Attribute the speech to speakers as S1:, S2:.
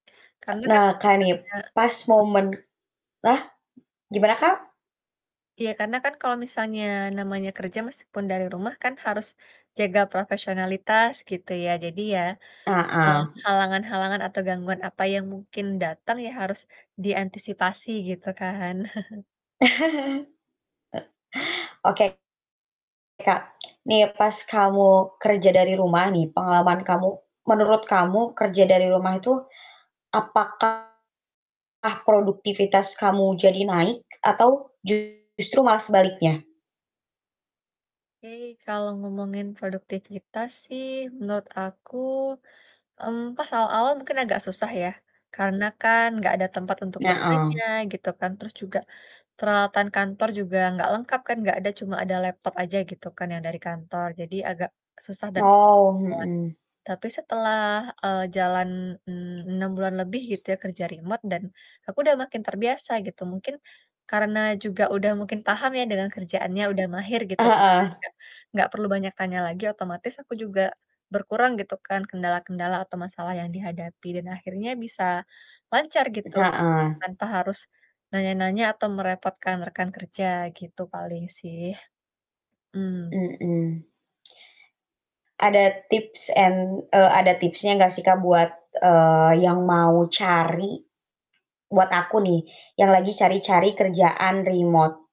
S1: Ak
S2: Karena kan
S1: nah, Kak, nih,
S2: misalnya
S1: pas
S2: mhm?
S1: momen ah, gimana Kak?
S2: Iya, karena kan kalau misalnya namanya kerja meskipun dari rumah kan, harus jaga profesionalitas, gitu ya. Jadi ya, eee,
S1: Heeh.
S2: halangan-halangan atau gangguan apa yang mungkin datang, ya harus diantisipasi gitu kan.
S1: Oke Kak, nih pas kamu kerja dari rumah nih, pengalaman kamu, menurut kamu kerja dari rumah itu, apakah produktivitas kamu jadi naik atau justru malah sebaliknya?
S2: Oke, kalo ngomongin produktivitas sih, menurut aku, mmm pas awal-awal mungkin agak susah ya. Karena kan, nggak ada tempat untuk
S1: Na
S2: bertanya
S1: mmm.
S2: gitu kan. Terus juga, peralatan kantor juga nggak lengkap kan, nggak ada, cuma ada laptop aja, gitu kan, yang dari kantor, jadi agak susah dan. [unintelligible]
S1: Oh, mhm.
S2: Tapi setelah, eee, jalan en enam bulan lebih gitu ya, kerja remote dan aku udah makin terbiasa, gitu. Mungkin karena juga udah mungkin paham ya dengan kerjaannya, udah mahir, gitu kan,
S1: Heeh.
S2: nggak nggak perlu banyak tanya lagi, otomatis aku juga berkurang, gitu kan, kendala-kendala atau masalah yang dihadapi. Dan akhirnya bisa lancar gitu,
S1: Heeh.
S2: tanpa harus nanya-nanya atau merepotkan rekan kerja, gitu paling sih. Mmm.
S1: Mhm. Ada tips and eee, ada tipsnya nggak sih, Kak, buat, eee, yang mau cari, buat aku nih, yang lagi cari-cari kerjaan remote.